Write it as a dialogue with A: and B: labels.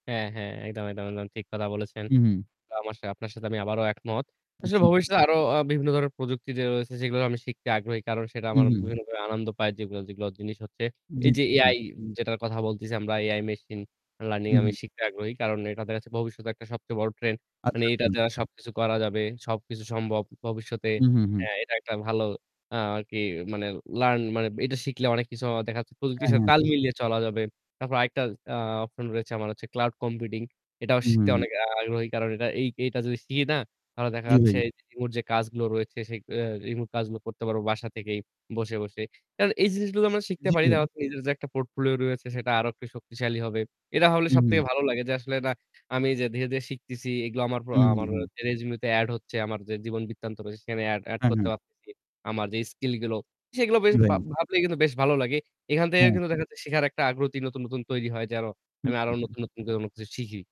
A: হ্যাঁ, হ্যাঁ, একদম, একদম। একদম ঠিক কথা বলেছেন।
B: হুম, হুম।
A: অবশ্যই, আপনার সাথে আমি আবারো একমত।
B: উম
A: আসলে
B: জী, ভাই।
A: ভবিষ্যতে আরো অ বিভিন্ন ধরনের প্রযুক্তি যে রয়েছে সেগুলো আমি শিখতে আগ্রহী কারণ সেটা
B: হুম,
A: আমার
B: হুম।
A: বিভিন্নভাবে আনন্দ পায় যেগুলো, যেগুলো জিনিস হচ্ছে,
B: জি,
A: এই যে
B: জি, জি।
A: AI যেটার কথা বলতেছি আমরা AI মেশিন লার্নিং
B: হুম,
A: আমি
B: হুম।
A: শিখতে আগ্রহী। কারণ এটা দেখা যাচ্ছে ভবিষ্যতে একটা সবচেয়ে বড় ট্রেন্ড। মানে
B: আচ্ছা,
A: এটা
B: আচ্ছা।
A: দ্বারা সবকিছু করা যাবে। সবকিছু সম্ভব ভবিষ্যতে।
B: হুম, হুম, হুম।
A: হ্যাঁ, এটা একটা ভালো আরকি মানে লার্ন মানে এটা শিখলে অনেক কিছু দেখা যাচ্ছে প্রযুক্তির
B: হ্যাঁ,
A: সাথে
B: হ্যাঁ।
A: তাল মিলিয়ে চলা যাবে। তারপর আরেকটা আ অপশন রয়েছে আমার হচ্ছে ক্লাউড কম্পিউটিং এটাও
B: হুম, হুম,
A: শিখতে
B: হুম।
A: অনেক আগ্রহী, কারণ এই এটা যদি শিখি না? তাহলে দেখা
B: জী,
A: যাচ্ছে
B: ভাই।
A: রিমোট যে কাজগুলো রয়েছে, সে অ রিমোট কাজগুলো করতে পারবো বাসা থেকেই বসে, বসে। আর এই জিনিসগুলো আমরা শিখতে
B: জ্বী,
A: পারি।
B: ভাই।
A: তার নিজের যে একটা পোর্টফোলিও রয়েছে সেটা আরো একটু শক্তিশালী হবে। এটা হলে
B: হুম, হুম।
A: সবথেকে ভালো লাগে যে আসলে না আমি যে ধীরে, ধীরে শিখতেছি এগুলো আমার
B: হুম,
A: আ আমার
B: হুম, হুম।
A: রেজিউমি তে এড হচ্ছে আমার যে জীবন বৃত্তান্ত রয়েছে সেখানে এড এড
B: হ্যাঁ,
A: করতে
B: হ্যাঁ।
A: পারতেছি। আমার যে স্কিল গুলো সেগুলো বেশ ভা
B: ,ভাই।
A: ভাবলেই কিন্তু বেশ ভালো লাগে। এখান থেকেও
B: হ্যাঁ।
A: কিন্তু দেখা যাচ্ছে শিখার একটা আগ্রহ নতুন, নতুন তৈরি হয় যেন
B: হুম,
A: আমি আরও
B: হুম, হুম।
A: নতুন, নতুন কোন কিছু শিখি।